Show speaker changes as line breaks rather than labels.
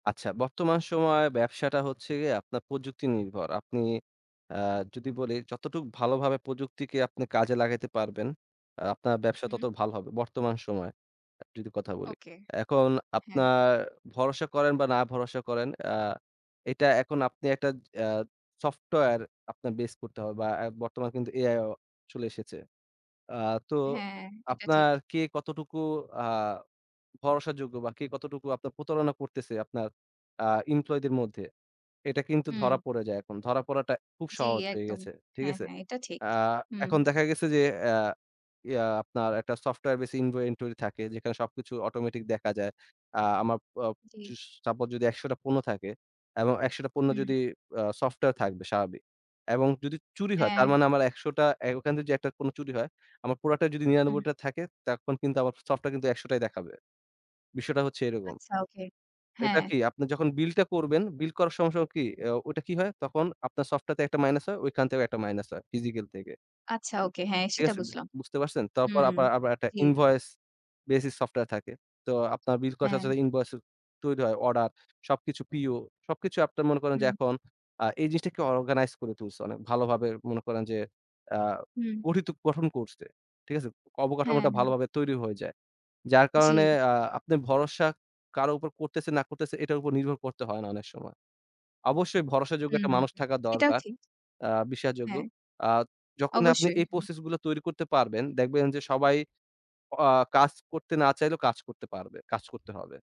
আচ্ছা, বর্তমান সময়ে ব্যবসাটা হচ্ছে গিয়ে আপনার প্রযুক্তি নির্ভর। আপনি আ যদি বলি যতটুকু ভালোভাবে প্রযুক্তিকে আপনি কাজে লাগাইতে পারবেন, আ আপনার ব্যবসা
হুম।
তত ভালো হবে। বর্তমান সময়ের যদি কথা বলি।
ওকে,
এখন
হ্যাঁ।
আপনার ভরসা করেন বা না ভরসা করেন আ এটা এখন আপনি একটা আ সফটওয়্যার আপনার বেস করতে হবে বা আ বর্তমান কিন্তু AI ও চলে এসেছে। আ তো
হ্যাঁ, এটা
আপনার
ঠিক।
কে কতটুকু আ ভরসাযোগ্য বা কে কতটুকু আপনার প্রতারণা করতেছে আপনার আ এমপ্লয়িদের মধ্যে এটা কিন্তু
হুম।
ধরা পড়ে যায় এখন। ধরা পড়াটা খুব
জি,
সহজ হয়ে
একদম।
গেছে। ঠিক
হ্যাঁ,
আছে?
হ্যাঁ এটা ঠিক।
আ
হুম।
এখন দেখা গেছে যে এআ এ আ আপনার একটা সফটওয়্যার বেসি ইনভো ইনভেন্টরি থাকে যেখানে সবকিছু অটোমেটিক দেখা যায়। আ আমার প
জি।
চুশ সাপোজ যদি ১০০ টা পণ্য থাকে এবং ১০০ টা পণ্য
হুম।
যদি আ সফটওয়্যার থাকবে স্বাভাবিক। এবং যদি চুরি হয় তার
হ্যাঁ।
মানে আমার ১০০ টা এ্যা ওখান থেকে যে একটা কোনো চুরি হয়। আমার প্রোডাক্টটা যদি
হুম।
৯৯ টা থাকে, তখন কিন্তু আমার সফটওয়্যার কিন্তু ১০০ টাই দেখাবে। বিষয়টা হচ্ছে এরকম।
আচ্ছা। ওকে,
এটা
হ্যাঁ।
কি আপনি যখন বিলটা করবেন, বিল করার সময় সময় কি? এ্যা ওইটা কি হয় তখন আপনার সফটওয়রে একটা মাইনাস হয় ঐখান থেকেও একটা মাইনাস হয় ফিজিক্যাল থেকে।
আচ্ছা। ওকে, হ্যাঁ
ঠিক
সেটা
আছে?
বুঝলাম।
বুঝতে পারছেন? তারপর
হুম।
আপার আবার একটা
জি।
ইনভয়েস বেসিস সফটওয়্যার থাকে। তো আপনার বিল করার সাথে
হ্যাঁ।
সাথে ইনভয়েন্স ও তৈরি হয় অর্ডার সবকিছু পিও সবকিছু আপনার মনে করেন যে
হুম।
এখন আ এই জিনিসটাকে অর্গানাইজ করে তুলছে। অনেক ভালোভাবে মনে করেন যে আ
হুম।
গঠিত গঠন করছে। ঠিক আছে?
হ্যাঁ,
অবকাঠামোটা
হ্যাঁ।
ভালোভাবে তৈরি হয়ে যায়। যার কারণে
জি।
আ আপনি ভরসা কারো উপর করতেছে না করতেছে এটার উপর নির্ভর করতে হয় না অনেক সময়। অবশ্যই ভরসাযোগ্য
হুম,
একটা মানুষ থাকা
সেটাও
দরকার।
ঠিক।
আ বিশ্বাসযোগ্য।
হ্যাঁ।
আ যখন আপনি
অবশ্যই,
এই
হ্যাঁ।
প্রসেস গুলো তৈরি করতে পারবেন, দেখবেন যে সবাই আ কাজ করতে না চাইলেও কাজ করতে পারবে। কাজ করতে হবে।